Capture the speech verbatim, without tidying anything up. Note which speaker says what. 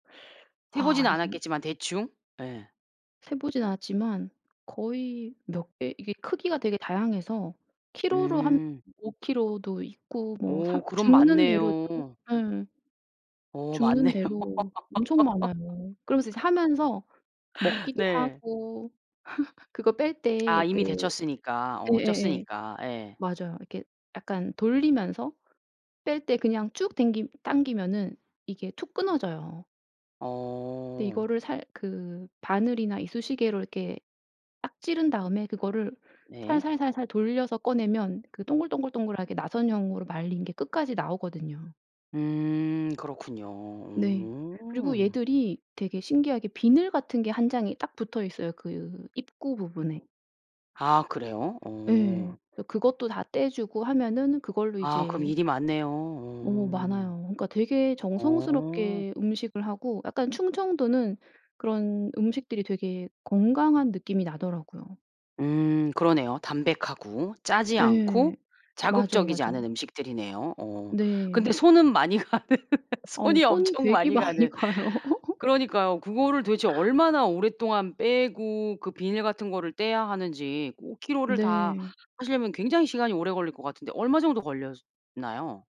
Speaker 1: 세
Speaker 2: 아
Speaker 1: 보지는
Speaker 2: 이게
Speaker 1: 않았겠지만 대충. 예.
Speaker 2: 세 보진 않았지만 거의 몇 개 이게 크기가 되게 다양해서 킬로로 한
Speaker 1: 음.
Speaker 2: 오 킬로도 있고 뭐
Speaker 1: 오
Speaker 2: 삼
Speaker 1: 그럼
Speaker 2: 줍는 대로 [unintelligible]
Speaker 1: 맞네요.
Speaker 2: 예.
Speaker 1: 오
Speaker 2: 줍는
Speaker 1: 맞네요.
Speaker 2: 대로 엄청 많아요. 그러면서 이제 하면서 먹기도
Speaker 1: 네.
Speaker 2: 하고 그거 뺄
Speaker 1: 아
Speaker 2: 때 그
Speaker 1: 이미 데쳤으니까 어
Speaker 2: 예예예
Speaker 1: 쪘으니까. 예.
Speaker 2: 맞아요. 이렇게 약간 돌리면서 뺄 때 그냥 쭉 댕기 당기면은 이게 툭 끊어져요. 근데
Speaker 1: 어.
Speaker 2: 이거를 살 그 바늘이나 이쑤시개로 이렇게 딱 찌른 다음에 그거를
Speaker 1: 네.
Speaker 2: 살살살살 돌려서 꺼내면 그 동글동글동글하게 나선형으로 말린 게 끝까지 나오거든요.
Speaker 1: 음 그렇군요.
Speaker 2: 네. 그리고
Speaker 1: 음.
Speaker 2: 얘들이 되게 신기하게 비늘 같은 게 한 장이 딱 붙어있어요 그 입구 부분에.
Speaker 1: 아 그래요? 어.
Speaker 2: 예. 그래서 그것도 다 떼 주고 하면은 그걸로
Speaker 1: 아 그럼
Speaker 2: 이제
Speaker 1: 일이 많네요.
Speaker 2: 어
Speaker 1: 어.
Speaker 2: 많아요. 그러니까 되게
Speaker 1: 어.
Speaker 2: 정성스럽게 음식을 하고 약간 충청도는 그런 음식들이 되게 건강한 느낌이 나더라고요.
Speaker 1: 음 그러네요. 담백하고 짜지 않고
Speaker 2: 예. 맞아요,
Speaker 1: 자극적이지 않은
Speaker 2: 맞아요.
Speaker 1: 음식들이네요 어. 근데
Speaker 2: 네.
Speaker 1: 손은 많이 가는
Speaker 2: 어우
Speaker 1: 손이
Speaker 2: 손이
Speaker 1: 엄청
Speaker 2: 되게
Speaker 1: 많이
Speaker 2: 많이
Speaker 1: 가는.
Speaker 2: 가요.
Speaker 1: 그러니까요. 그거를 도대체 얼마나 오랫동안 빼고 그 비늘 같은 거를 떼야 하는지 오 킬로를 다
Speaker 2: 네.
Speaker 1: 하시려면 굉장히 시간이 오래 걸릴 것 같은데 얼마 정도 걸렸나요?